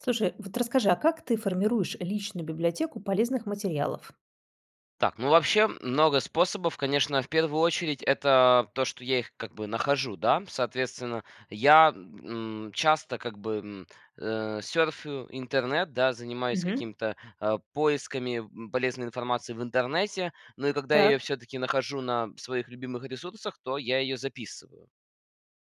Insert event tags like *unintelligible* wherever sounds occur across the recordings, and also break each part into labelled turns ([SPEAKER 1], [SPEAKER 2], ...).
[SPEAKER 1] Слушай, вот расскажи, а как ты формируешь личную библиотеку полезных материалов?
[SPEAKER 2] Так, ну, вообще, много способов. Конечно, в первую очередь это то, что я их как бы нахожу, да? Соответственно, я, м, часто как бы, м, э, сёрфю интернет, да, занимаюсь
[SPEAKER 1] Мгм.
[SPEAKER 2] какими-то, а, поисками, м, полезной информации в интернете, но и когда я
[SPEAKER 1] Так.
[SPEAKER 2] её всё-таки нахожу на своих любимых ресурсах, то я её записываю.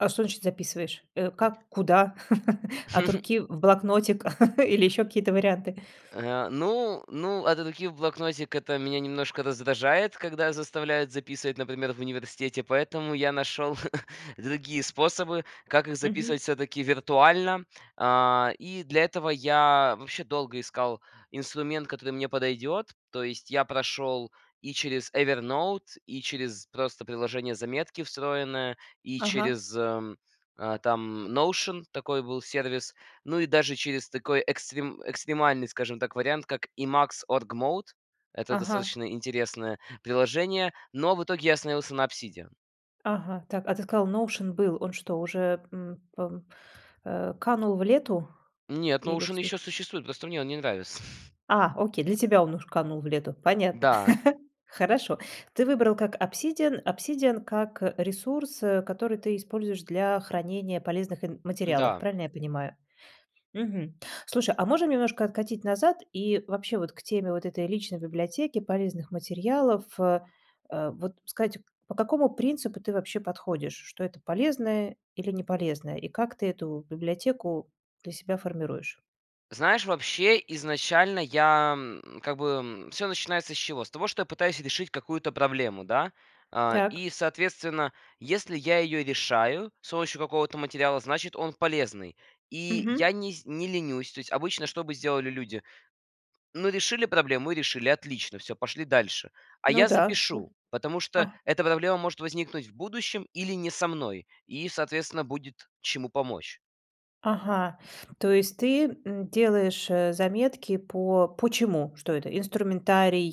[SPEAKER 1] А что значит записываешь? Э, как? Куда? *chuckles* От
[SPEAKER 2] *chuckles*
[SPEAKER 1] руки, в блокнотик *chuckles* или ещё какие-то варианты?
[SPEAKER 2] Э, ну ну, от руки в блокнотик- это меня немножко раздражает, когда заставляют записывать, например, в университете, поэтому я нашел *chuckles* другие способы, как их
[SPEAKER 1] Мгм.
[SPEAKER 2] записывать всё-таки виртуально. А, и для этого я вообще долго искал инструмент, который мне подойдет, то есть я прошел и через Evernote, и через просто приложение "Заметки" встроенное, и
[SPEAKER 1] Ага.
[SPEAKER 2] через, ам, там Notion, такой был сервис, ну и даже через такой экстрим экстремальный, скажем так, вариант, как Emacs Org-mode. Это
[SPEAKER 1] Ага.
[SPEAKER 2] достаточно интересное приложение, но в итоге я остановился на Obsidian.
[SPEAKER 1] Ага. Так, а ты сказал, Notion был. Он что, уже, м, пам э, канул в лету?
[SPEAKER 2] Нет,
[SPEAKER 1] Или
[SPEAKER 2] "Notion"
[SPEAKER 1] вси
[SPEAKER 2] ещё существует, просто мне он не нравится. *chuckles*
[SPEAKER 1] А, окей! Для тебя он уж канул в лету. Понятно.
[SPEAKER 2] Да.
[SPEAKER 1] *chuckles* Хорошо. Ты выбрал как "Obsidian" "Obsidian" как, э, ресурс, э, который ты используешь для хранения полезных ин материалов,
[SPEAKER 2] М-да.
[SPEAKER 1] правильно я понимаю? Мгм. Слушай, а можем немножко откатить назад и вообще вот к теме вот этой личной библиотеки полезных материалов, э, вот сказать, по какому принципу ты вообще подходишь, что это полезное или не полезное, и как ты эту библиотеку для себя формируешь?
[SPEAKER 2] Знаешь, вообще изначально я, м, как бы, м, всё начинается с чего? С того, что я пытаюсь решить какую-то проблему, да? А,
[SPEAKER 1] Так.
[SPEAKER 2] и соответственно, если я её решаю с помощью какого-то материала, значит, он полезный, и
[SPEAKER 1] Мгм.
[SPEAKER 2] я не сь не ленюсь. То есть обычно что бы сделали люди? Ну, решили проблему и решили. Отлично всё, пошли дальше. А
[SPEAKER 1] Ну
[SPEAKER 2] я
[SPEAKER 1] да. Всё.
[SPEAKER 2] запишу, потому что
[SPEAKER 1] А
[SPEAKER 2] эта проблема может возникнуть в будущем или не со мной, и, соответственно, будет чему помочь.
[SPEAKER 1] Ага, то есть ты, м, делаешь, э, заметки по по чему, что это? Инструментарий,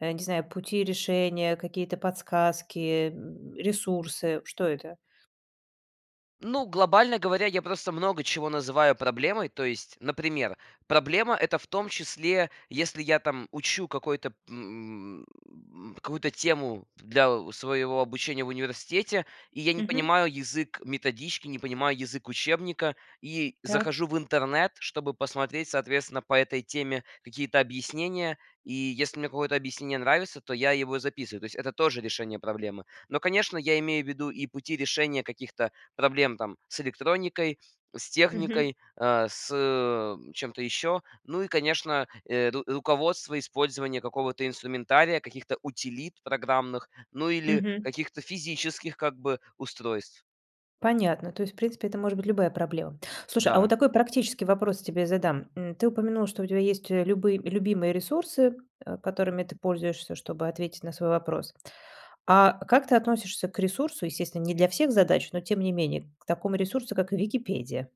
[SPEAKER 1] э, не знаю, пути решения, какие-то подсказки, э, м, ресурсы. Что это?
[SPEAKER 2] Ну, глобально говоря, я просто много чего называю проблемой, то есть, например, проблема- это в том числе, если я там учу какой-то, м, какую-то тему для, э, своего обучения в университете, и я не
[SPEAKER 1] Мгм.
[SPEAKER 2] понимаю язык методички, не понимаю язык учебника и
[SPEAKER 1] Так.
[SPEAKER 2] захожу в интернет, чтобы посмотреть, соответственно, по этой теме какие-то объяснения, и если мне какое-то объяснение нравится, то я его записываю. То есть это тоже решение проблемы, но, конечно, я имею в виду и пути решения каких-то проблем, там, с электроникой, с
[SPEAKER 1] Мгм.
[SPEAKER 2] техникой, э, с, э, чем-то еще, ну и, конечно, э, ру руководство использования какого-то инструментария, каких-то утилит программных, ну или
[SPEAKER 1] Мгм.
[SPEAKER 2] каких-то физических, как бы, устройств.
[SPEAKER 1] Понятно. То есть, в принципе, это может быть любая проблема. Слушай, а вот
[SPEAKER 2] Да.
[SPEAKER 1] такой практический вопрос тебе задам. М, ты упомянул, что у тебя есть, э, любые любимые ресурсы, э, которыми ты пользуешься, чтобы ответить на свой вопрос. А как ты относишься к ресурсу, естественно, не для всех задач, но, тем не менее, к такому ресурсу, как Wikipedia?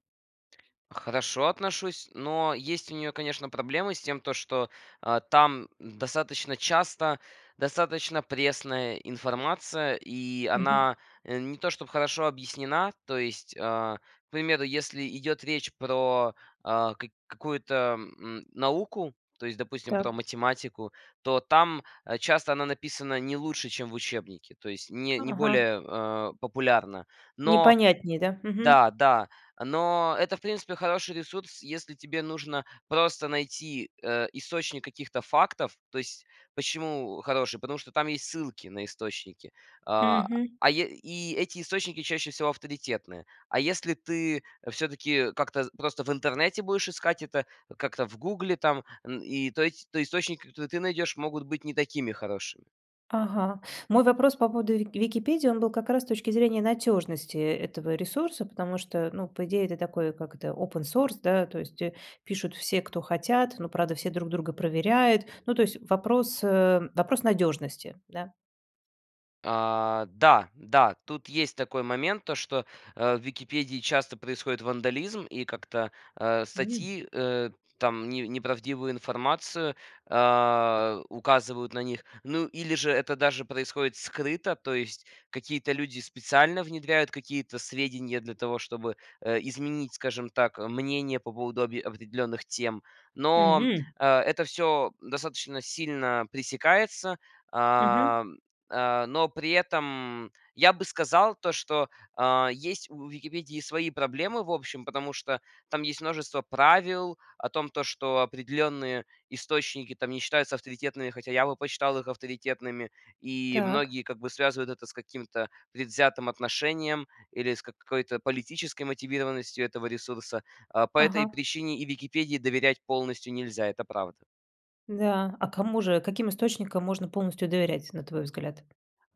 [SPEAKER 2] Хорошо отношусь, но есть у нее, конечно, проблемы с тем, то, что, э, там достаточно часто достаточно пресная информация и
[SPEAKER 1] Мгм.
[SPEAKER 2] она, э, не то чтобы хорошо объяснена. То есть, а, к примеру, если идет речь про, а, как какую-то, м, науку, то есть, допустим, про
[SPEAKER 1] Так.
[SPEAKER 2] математику, то там часто она написана не лучше, чем в учебнике, то есть не не
[SPEAKER 1] Ага.
[SPEAKER 2] более, э, популярна. Но
[SPEAKER 1] Непонятнее, да? Мгм.
[SPEAKER 2] да, да, но это, в принципе, хороший ресурс, если тебе нужно просто найти, э, источник каких-то фактов. То есть почему, э, хороший? Потому что там есть ссылки на источники, а,
[SPEAKER 1] Мгм.
[SPEAKER 2] а е и эти источники чаще всего авторитетные. А если ты, э, всё-таки как-то, э, просто в интернете будешь искать это, э, как-то в гугле, там, н и то есть, то источник, который ты найдешь, могут быть не такими хорошими.
[SPEAKER 1] Ага. Мой вопрос по поводу Вик Википедии, он был как раз с точки зрения надежности, э, этого ресурса, потому что, ну, по идее это такой, как это, open source да, то есть, э, пишут все, кто хотят, но, правда, все друг друга проверяют. Ну, то есть вопрос, э, вопрос надежности, да.
[SPEAKER 2] А, да, да. Тут есть такой момент, то что, э, в "Википедии" часто происходит вандализм, и как-то, э,
[SPEAKER 1] *unintelligible*
[SPEAKER 2] статьи, э, там не не правдивую информацию, а, указывают на них, ну или же это даже происходит скрыто. То есть какие-то люди специально внедряют какие-то сведения для того, чтобы, э, изменить, скажем так, э, мнение по поводу объе определенных тем. Но, м,
[SPEAKER 1] Мгм.
[SPEAKER 2] э, это всё достаточно сильно пресекается,
[SPEAKER 1] Мгм.
[SPEAKER 2] ам, а, но при этом я бы сказал то, что, а, есть у "Википедии" свои проблемы, в общем, потому что там есть множество правил о том, то что определенные источники там не считаются авторитетными, хотя я бы посчитал их авторитетными, и
[SPEAKER 1] Так.
[SPEAKER 2] многие как бы связывают это с каким-то предвзятым отношением или с какой-то политической мотивированностью этого ресурса. А, по этой
[SPEAKER 1] Ага.
[SPEAKER 2] причине и "Википедии" доверять полностью нельзя, это правда.
[SPEAKER 1] Да, а кому же каким источникам можно полностью доверять, на твой взгляд?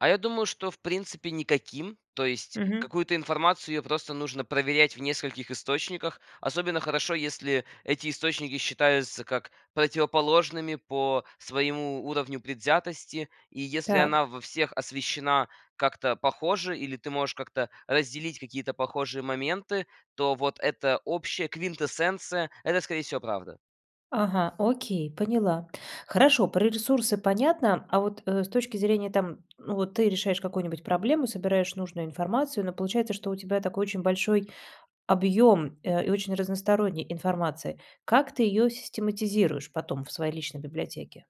[SPEAKER 2] А я думаю, что, в принципе, никаким, то есть
[SPEAKER 1] Мгм.
[SPEAKER 2] какую-то информацию, её просто нужно проверять в нескольких источниках. Особенно хорошо, если эти источники считаются как противоположными по своему уровню предвзятости. И если
[SPEAKER 1] Так.
[SPEAKER 2] она во всех освещена как-то похоже или ты можешь как-то разделить какие-то похожие моменты, то вот эта общая квинтэссенция- это, скорее всего, правда.
[SPEAKER 1] Ага, окей, поняла. Хорошо, про ресурсы понятно, а вот э с точки зрения там, ну, вот ты решаешь какую-нибудь проблему, собираешь нужную информацию, но получается, что у тебя такой очень большой объем, э, и очень разносторонняя информация. Как ты её систематизируешь потом в своей личной библиотеке?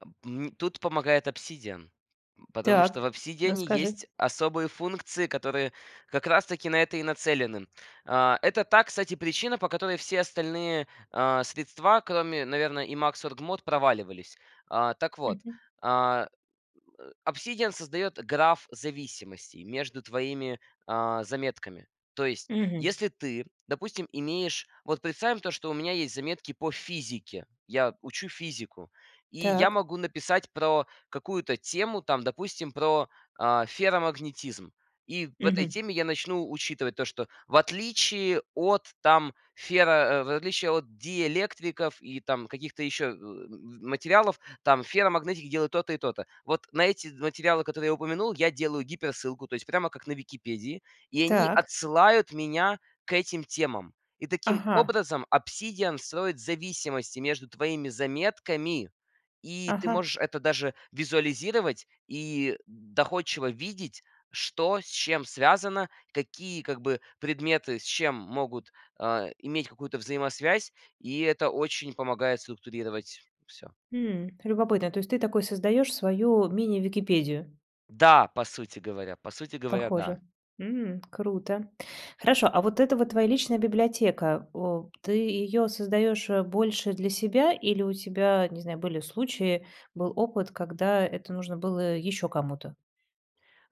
[SPEAKER 2] А, м тут помогает "Обсидиан", м, потому что в
[SPEAKER 1] Так,
[SPEAKER 2] "Обсидиане"
[SPEAKER 1] расскажи.
[SPEAKER 2] есть особые функции, которые как раз-таки на это и нацелены. А, это та, кстати, причина, по которой все остальные, а, средства, кроме, наверно, Emacs Org Mode, проваливались. А, так вот,
[SPEAKER 1] Мгм.
[SPEAKER 2] а, э, "Обсидиан" создает граф зависимостей между твоими, а, заметками. То есть,
[SPEAKER 1] Мгм.
[SPEAKER 2] если ты, допустим, имеешь вот, представим то, что у меня есть заметки по физике. Я учу физику. И я
[SPEAKER 1] Так.
[SPEAKER 2] могу написать про какую-то тему, там, допустим, про, а, ферромагнетизм. И в этой
[SPEAKER 1] Мгм.
[SPEAKER 2] теме я начну учитывать то, что в отличие от, там, феро э, в отличие диэлектриков и там каких-то еще, э, материалов, там, ферромагнетики делают то-то и то-то. Вот на эти материалы, которые я упомянул, я делаю гиперссылку, то есть прямо как на Википедии. И они
[SPEAKER 1] Так.
[SPEAKER 2] отсылают меня к этим темам. И таким
[SPEAKER 1] Ага.
[SPEAKER 2] образом "Обсидиан" строит зависимости между твоими заметками, и ты
[SPEAKER 1] Ага.
[SPEAKER 2] можешь это даже визуализировать и доходчиво видеть, что с чем связано, какие, как бы, предметы с чем могут, а, иметь какую-то взаимосвязь. И это очень помогает структурировать всё.
[SPEAKER 1] М, любопытно, то есть ты такой создаешь свою мини-Википедию?
[SPEAKER 2] Да, по сути говоря по сути говоря, да.
[SPEAKER 1] Похоже. М, круто! Хорошо, а вот это вот твоя личная библиотека. О, ты её создаешь, э, больше для себя или у тебя, не знаю, были случаи, был опыт, когда это нужно было еще кому-то?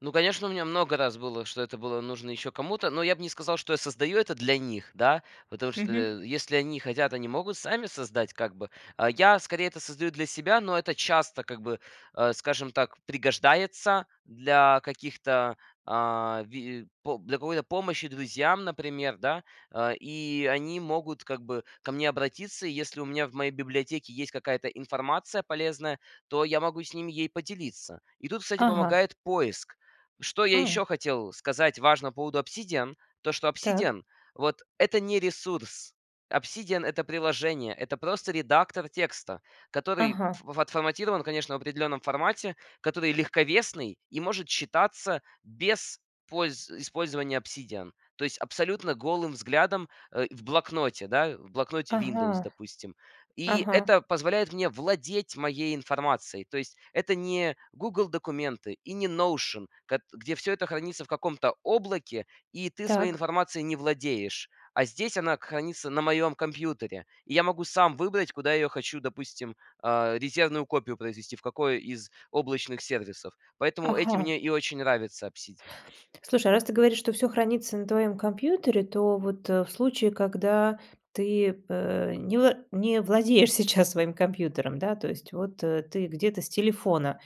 [SPEAKER 2] Ну, конечно, у меня много раз было, что это было нужно еще кому-то, но я бы не сказал, что я создаю это для них, да, потому что,
[SPEAKER 1] Мгм.
[SPEAKER 2] э, если они хотят, они могут сами создать, как бы. А я скорее это создаю для себя, но это часто, как бы, а, скажем так, пригождается для каких-то, а, ви по для какой-то помощи друзьям, например, да. Э, и они могут, как бы, ко мне обратиться. Если у меня в моей библиотеке есть какая-то информация полезная, то я могу с ними ей поделиться. И тут, кстати,
[SPEAKER 1] Ага.
[SPEAKER 2] помогает поиск. Что я
[SPEAKER 1] А.
[SPEAKER 2] еще хотел сказать важно по поводу "Обсидиан", то, что
[SPEAKER 1] Так.
[SPEAKER 2] "Обсидиан" вот- это не ресурс. "Обсидиан"- это приложение, это просто редактор текста, который
[SPEAKER 1] Ага.
[SPEAKER 2] ф отформатирован, конечно, в определенном формате, который легковесный и может читаться без польз использования "Обсидиан", то есть абсолютно голым взглядом, э, в "Блокноте", да? В "Блокноте" "Виндовс",
[SPEAKER 1] Ага.
[SPEAKER 2] допустим. И
[SPEAKER 1] Ага.
[SPEAKER 2] это позволяет мне владеть моей информацией, то есть это не "Гугл Документы" и не Notion, кат где всё это хранится в каком-то облаке и ты своей
[SPEAKER 1] Так.
[SPEAKER 2] информацией не владеешь. А здесь она к хранится на моем компьютере, и я могу сам выбрать, куда я ее хочу, допустим, а, резервную копию произвести, в какой из облачных сервисов. Поэтому этим
[SPEAKER 1] Ага.
[SPEAKER 2] мне и очень нравится "Обсидиан".
[SPEAKER 1] Слушай, а раз ты говоришь, что всё хранится на твоем компьютере, то вот, э, в случае, когда ты, а, э, не вла не владеешь сейчас своим компьютером, да. То есть вот, э, ты где-то с телефона.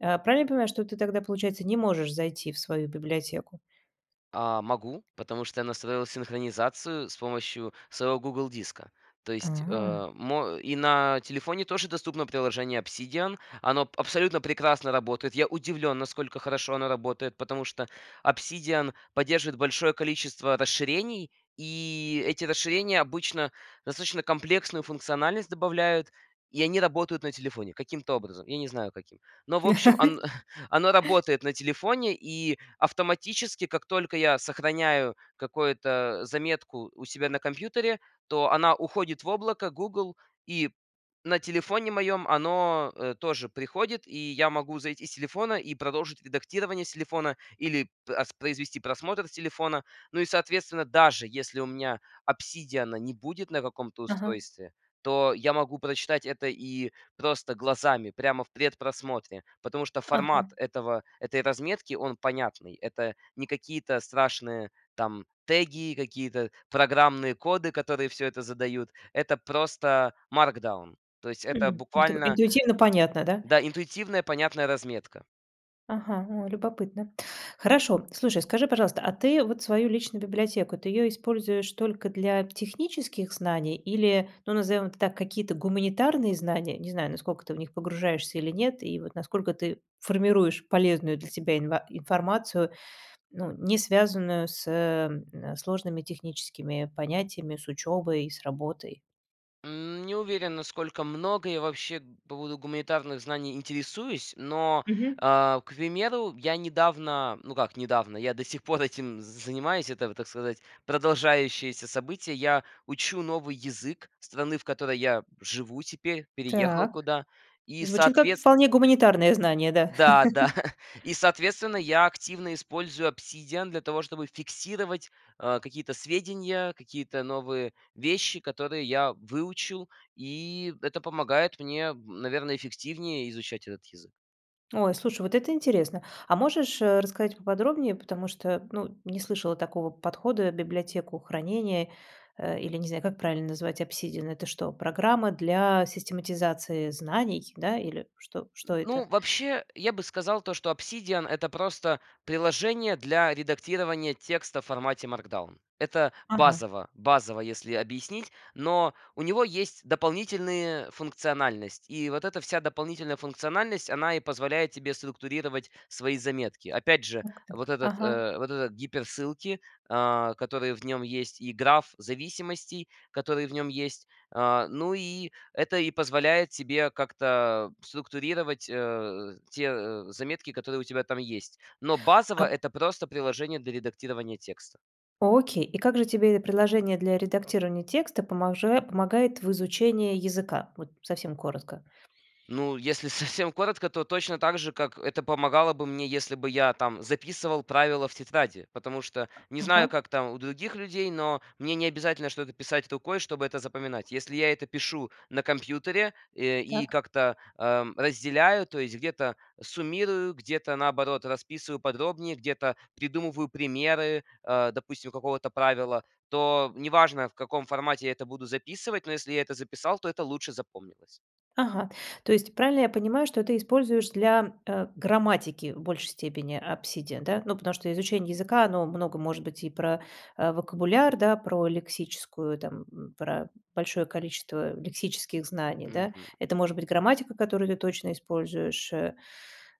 [SPEAKER 1] А, правильно я понимаю, что ты тогда, получается, не можешь зайти в свою библиотеку?
[SPEAKER 2] А, могу, потому что я настроил синхронизацию с помощью своего "Гугл Диска". То есть,
[SPEAKER 1] А.
[SPEAKER 2] а, мо и на телефоне тоже доступно приложение "Обсидиан", оно абсолютно прекрасно работает, я удивлен, насколько хорошо оно работает, потому что "Обсидиан" поддерживает большое количество расширений, и эти расширения обычно достаточно комплексную функциональность добавляют, и они работают на телефоне каким-то образом, я не знаю каким. Но, в общем, он
[SPEAKER 1] *chuckles*
[SPEAKER 2] *chuckles* оно работает на телефоне, и автоматически, как только я сохраняю какое-то заметку у себя на компьютере, то она уходит в облако Google, и на телефоне моём оно, э, тоже приходит, и я могу зайти с телефона и продолжить редактирование с телефона или п ас произвести просмотр с телефона, ну и, соответственно, даже если у меня "Обсидиана" не будет на каком-то
[SPEAKER 1] Ага.
[SPEAKER 2] устройстве, то я могу прочитать это и просто глазами, прямо в предпросмотре, потому что формат
[SPEAKER 1] Ага.
[SPEAKER 2] этого этой разметки, он понятный. Это не какие-то страшные там теги, какие-то программные коды, которые всё это задают. Это просто Markdown. То есть это
[SPEAKER 1] М. То есть эро
[SPEAKER 2] буквально
[SPEAKER 1] интуитивно понятно, да?
[SPEAKER 2] да, интуитивная, понятная разметка.
[SPEAKER 1] Ага, о, любопытно. Хорошо. Слушай, скажи, пожалуйста, а ты вот свою личную библиотеку, ты её используешь только для технических знаний или, ну, назовем это так, какие-то гуманитарные знания? Не знаю, насколько ты в них погружаешься или нет. И вот насколько ты формируешь полезную для себя инва информацию, ну, не связанную с, э, сложными техническими понятиями, с учебой и с работой?
[SPEAKER 2] М, не уверен, насколько много я вообще по поводу гуманитарных знаний интересуюсь, но,
[SPEAKER 1] Мгм.
[SPEAKER 2] а, к примеру, я недавно, ну, как недавно, я до сих пор этим занимаюсь, это, вот, так сказать, продолжающееся событие, я учу новый язык страны, в которой я живу теперь, переехал
[SPEAKER 1] Так
[SPEAKER 2] куда и
[SPEAKER 1] звучит как
[SPEAKER 2] соответс
[SPEAKER 1] вполне гуманитарные знания, да.
[SPEAKER 2] Да-да,
[SPEAKER 1] *chuckles*
[SPEAKER 2] *chuckles* и, соответственно, я активно использую "Обсидиан" для того, чтобы фиксировать, э, какие-то сведения, какие-то новые вещи, которые я выучил, и это помогает мне, наверное, эффективнее изучать этот язык.
[SPEAKER 1] Ой, слушай, вот это интересно. А можешь, э, рассказать поподробнее, потому что, ну, не слышала такого подхода: библиотеку хранения, а, или, не знаю, как правильно назвать, "Обсидиан"- это что, программа для систематизации знаний, да, или что что это?
[SPEAKER 2] Ну, вообще, я бы сказал то, что "Обсидиан"- это просто приложение для редактирования текста в формате Markdown. Это
[SPEAKER 1] Ага.
[SPEAKER 2] базово базово, если объяснить, но у него есть дополнительные функциональность, и вот эта вся дополнительная функциональность, она и позволяет тебе структурировать свои заметки. Опять же,
[SPEAKER 1] Так
[SPEAKER 2] вот
[SPEAKER 1] так,
[SPEAKER 2] этот,
[SPEAKER 1] ага.
[SPEAKER 2] э вот эти гиперссылки, а, которые в нем есть, и граф зависимостей, который в нем есть, а. Ну, и это и позволяет тебе как-то, а, структурировать, а, те, э, заметки, которые у тебя там есть. Но
[SPEAKER 1] А
[SPEAKER 2] базово- это просто приложение для редактирования текста.
[SPEAKER 1] Окей. И как же тебе это приложение для редактирования текста поможе помогает в изучении языка? Вот совсем коротко?
[SPEAKER 2] Ну, если совсем коротко, то точно так же, как это помогало бы мне, если бы я там записывал правила в тетради, потому что, не знаю
[SPEAKER 1] Ага.
[SPEAKER 2] как там у других людей, но мне не обязательно что-то писать рукой, чтобы это запоминать. Если я это пишу на компьютере, эм, и
[SPEAKER 1] Так.
[SPEAKER 2] как-то, а, разделяю, то есть где-то суммирую, где-то, наоборот, расписываю подробнее, где-то придумываю примеры, а, допустим, какого-то правила, то неважно, в каком формате я это буду записывать, но если я это записал, то это лучше запомнилось.
[SPEAKER 1] Ага. То есть правильно я понимаю, что ты используешь для, э, грамматики в большей степени "Обсидиан", да? Ну, потому что изучение языка, оно много может быть и про, а, вокабуляр, да, про лексическую там, м, про большое количество лексических знаний, да.
[SPEAKER 2] Мгм.
[SPEAKER 1] Это может быть грамматика, которую ты точно используешь, э,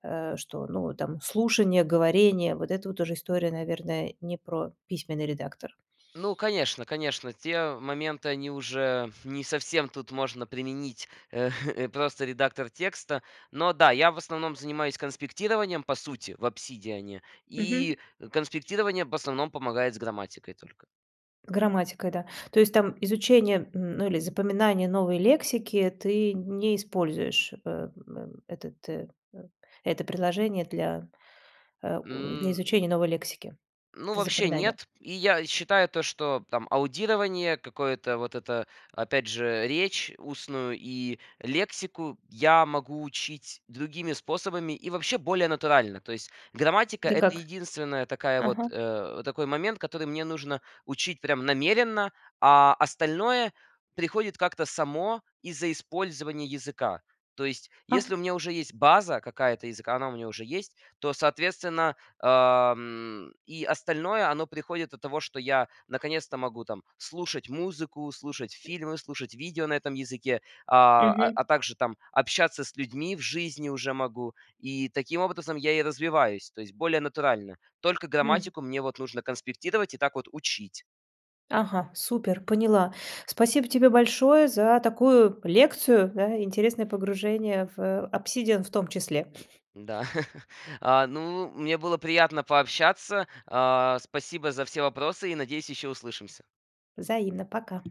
[SPEAKER 1] э, что, ну, вот там слушание, говорение. Вот это вот уже история, наверное, не про письменный редактор.
[SPEAKER 2] Ну конечно, конечно, те моменты, они уже не совсем тут можно применить, э, *chuckles* просто редактор текста, но да, я в основном занимаюсь конспектированием, по сути, в "Обсидиане",
[SPEAKER 1] Мгм.
[SPEAKER 2] и конспектирование в основном помогает с грамматикой только.
[SPEAKER 1] Грамматика, да. То есть там изучение, м ну, или запоминание новой лексики, ты не используешь, э м этот это приложение для, а у для
[SPEAKER 2] М.
[SPEAKER 1] изучения новой лексики.
[SPEAKER 2] Ну,
[SPEAKER 1] Это
[SPEAKER 2] вообще
[SPEAKER 1] запоминание.
[SPEAKER 2] нет. И я считаю то, что там аудирование какое-то вот это, опять же, речь устную и лексику я могу учить другими способами и вообще более натурально. То есть грамматика-
[SPEAKER 1] Это
[SPEAKER 2] это
[SPEAKER 1] как?
[SPEAKER 2] единственная такая вот,
[SPEAKER 1] Ага.
[SPEAKER 2] э, такой момент, который мне нужно учить прям намеренно, а остальное приходит как-то само из-за использования языка. То есть если у
[SPEAKER 1] А.
[SPEAKER 2] меня уже есть база какая-то языка, она у меня уже есть, то, соответственно, ам, и остальное оно приходит от того, что я наконец-то могу там слушать музыку, слушать фильмы, слушать видео на этом языке, а
[SPEAKER 1] Мгм.
[SPEAKER 2] а также там общаться с людьми в жизни уже могу, и таким образом я и развиваюсь, то есть более натурально. Только
[SPEAKER 1] М.
[SPEAKER 2] грамматику мне вот нужно конспектировать и так вот учить.
[SPEAKER 1] Ага, супер, поняла. Спасибо тебе большое за такую лекцию, да, интересное погружение в "Обсидиан" в том числе. *chuckles*
[SPEAKER 2] Да. *chuckles* А, ну, мне было приятно пообщаться, а. Спасибо за все вопросы, и, надеюсь, еще услышимся.
[SPEAKER 1] Взаимно. Пока!